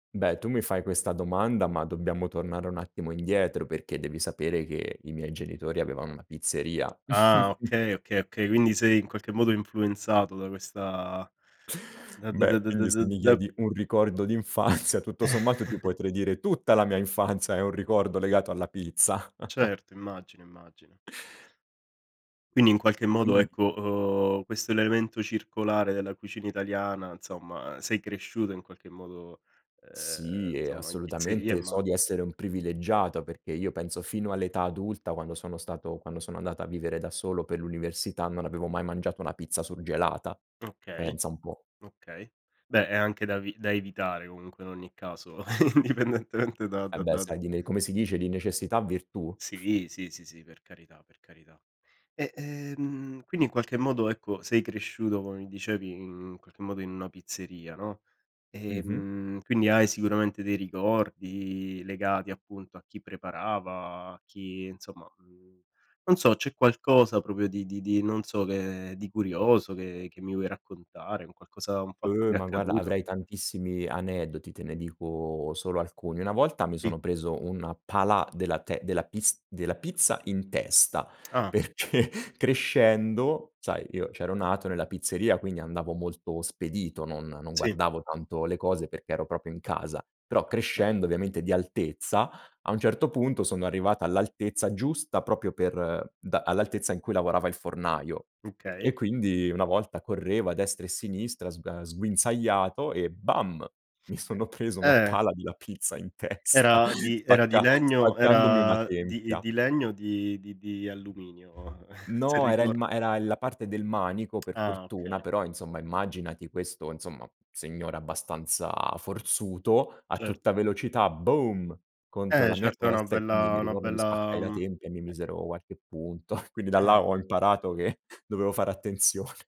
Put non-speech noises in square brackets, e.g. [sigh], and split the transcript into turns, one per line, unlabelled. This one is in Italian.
Beh, tu mi fai questa domanda, ma dobbiamo tornare un attimo indietro, perché devi sapere che i miei genitori avevano una pizzeria.
Ah,
[chuckles]
okay, okay, okay, quindi sei, in qualche modo, influenzato da questa
[inhales]
da da da
Beh,
da da
quindi se
da
mi
da
chiedi un ricordo d' infanzia, tutto sommato, ti
[chuckles]
potrei dire tutta la mia infanzia è un ricordo legato alla pizza. [chuckles]
Certo. Immagino, immagino.
[inhales]
Quindi, in qualche
E
modo,
quindi
ecco, uhm, questo è l'elemento circolare della cucina italiana, insomma, uhm, sei cresciuto, in qualche modo, ehm,
Sì, e
insomma, in pizzeria,
assolutamente, so
immagino.
di essere un privilegiato, perché io penso fino all'età adulta, quando sono stato quando sono andato a vivere da solo, per l'università, non avevo mai mangiato una pizza surgelata.
Okay,
Pensa un po'.
okay. Beh, è anche da vi da evitare comunque, in ogni caso, [chuckles] indipendentemente da
E
da
beh,
da
sai, di ne come si dice, di necessità virtù? [exhales]
Sì. Sì, sì, sì. Per carità, per carità. E, ehm, quindi, in qualche modo, ecco, sei cresciuto, come mi dicevi, in qualche modo, in una pizzeria, no,
Mh-mh.
ehm, quindi hai sicuramente dei ricordi legati, appunto, a chi preparava, a chi, insomma, mhmm, non so, c'è qualcosa proprio di di di non so che, di curioso che che mi vuoi raccontare, un qualcosa un fatto che
Uh,
ti è
ma, guarda,
accaduto
avrei tantissimi aneddoti. Te ne dico solo alcuni. Una volta mi
Sì.
sono preso un pala della te della pis della pizza in testa,
Ah.
perché crescendo, sai, io c'ero nato nella pizzeria, quindi andavo molto spedito, non non
Sì.
guardavo tanto le cose, perché ero proprio in casa, però,
Beh.
crescendo, ovviamente, di altezza, a un certo punto, sono arrivato all'altezza giusta proprio per da all'altezza in cui lavorava il fornaio. E
Okay.
quindi, una volta correvo a destra e sinistra sgua sguinzagliato e bam! Mi sono preso una
Eh.
pala della pizza in testa,
Era di era di
spacca
legno,
spaccandomi una
era di
tempia.
di legno o di di di alluminio? [chuckles] se
No, era il
ricor
ma era la parte del manico,
[smacks lips]
per
Ah,
fortuna,
okay.
però, insomma, immaginati questo, insomma, signore abbastanza forzuto a
Cer
tutta velocità, boom! Contro
Eh,
la mia
certo è una
testa e quindi,
bella
mi
è una
ricordo mi spaccai
bella,
la
mhmm eh
tempia e mi misero qualche punto. [chuckles] Quindi da là,
Ah.
ho imparato che [chuckles] dovevo fare attenzione.